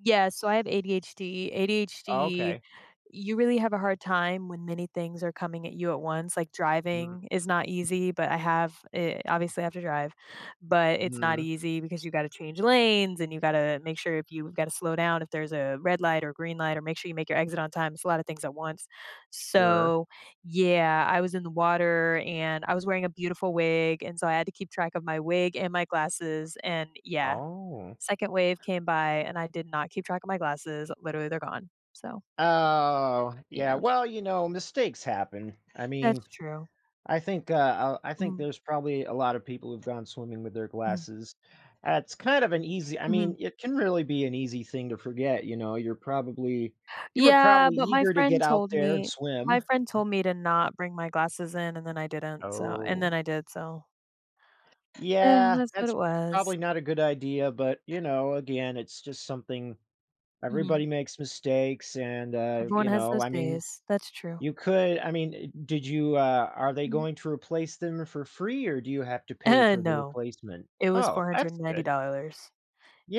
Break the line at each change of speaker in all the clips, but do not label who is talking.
Yes, so, I have ADHD. ADHD,
Okay.
you really have a hard time when many things are coming at you at once. Like,
Mm.
driving is not easy, but I have, eh, obviously, I have to drive, but it's not
Mm.
easy because you gotta change lanes, and you gotta make sure if you gotta slow down if there's a red light or green light or make sure you make your exit on time. It's a lot of things at once.
Sure.
So, yeah, I was in the water, and I was wearing a beautiful wig, and so I had to keep track of my wig and my glasses and, yeah.
Oh.
Second wave came by, and I did not keep track of my glasses, literally, they're gone. So
Oh, yeah,
Yeah.
well, you know, mistakes happen. I mean,
That's true.
I think, uh, a I think
Mhm.
there's probably a lotta people who've gone swimming with their
Mhm.
glasses, that's kind of an easy I mean,
Mhm.
it can really be an easy thing to forget, you know, you're probably you were
Yeah,
probably
but my
eager to get
friend
out
told
there and
me
swim.
my friend told me to not bring my glasses in and then I didn't so, and then
Oh.
I did. So eh,
Yeah,
that's what it
that's probably
was.
not a good idea, but you know, again, it's just something
Mhm.
everybody makes mistakes and, uh,
Everyone
you
has
know,
those
I mean,
days. That's true.
you could I mean, eh, did you, uh, are they
Mhm.
going to replace them for free or do you have to pay
Eh,
for the
no.
replacement?
It was
Oh,
four hundred
that's
and ninety
good.
dollars.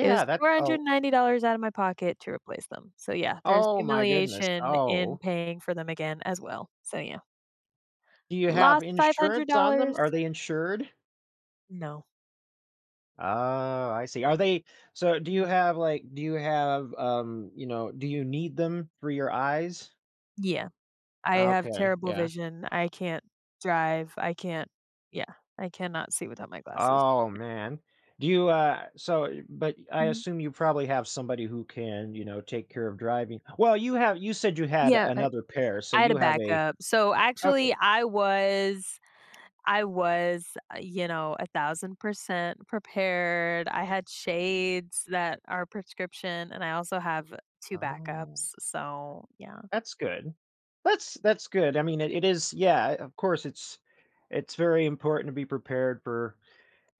It was
That's
four hundred
Oh
and ninety dollars outta my pocket to replace them, so yeah, there's
Oh my goodness.
humiliation in
Oh.
paying for them again, as well. So, yeah.
Do you have
Lost five hundred
insurance on them?
dollars.
Are they insured?
No.
Oh, I see. Are they so, do you
Mm.
have, like do you have, um, you know, do you need them for your eyes?
Yeah. I have
Okay.
terrible
Yeah.
vision, I can't drive, I can't yeah. I cannot see without my glasses.
Oh, man. Do you, uh so but I
Mhm.
assume you probably have somebody who can, you know, take care of driving. Well, you have you said you had
Yeah, but
another pair, so
I had a
you have a
backup. So actually,
Okay.
I was I was, uh, you know, 1000% prepared, I had shades that are prescription and I also have 2
Oh.
backups. So, yeah.
That's good. That's that's good. I mean, it it is, yeah, uh, of course, it's it's very important to be prepared for,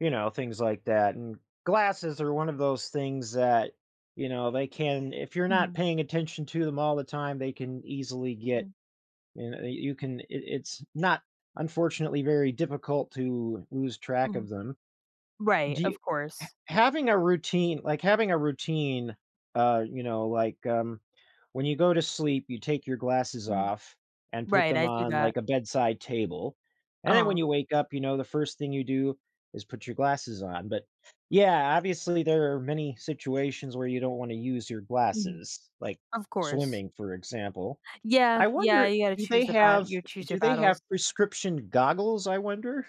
you know, things like that, and glasses are one of those things that, you know, they can if you're not
Mhm.
paying attention to them all the time, they can easily get,
Mhm.
you kn you can it it's not, unfortunately, very difficult to lose track
Mhm.
of them.
Right,
Do y
of
h
course.
having a routine like, having a routine, uh, you know, like, um, when you go to sleep, you take your glasses
Mhm.
off and put
Right,
them
I do
on,
that.
like, a bedside table. And then, when
Uh-huh.
you wake up, you know, the first thing you do is put your glasses on, but yeah, obviously there are many situations where you don't wanna use your
Mhm.
glasses, like
Of course.
swimming, for example.
Yeah,
I
yeah,
wonder,
you gotta
do
choose
they
the bat
have
you choose
do
your
they have
battles.
prescription goggles, I wonder?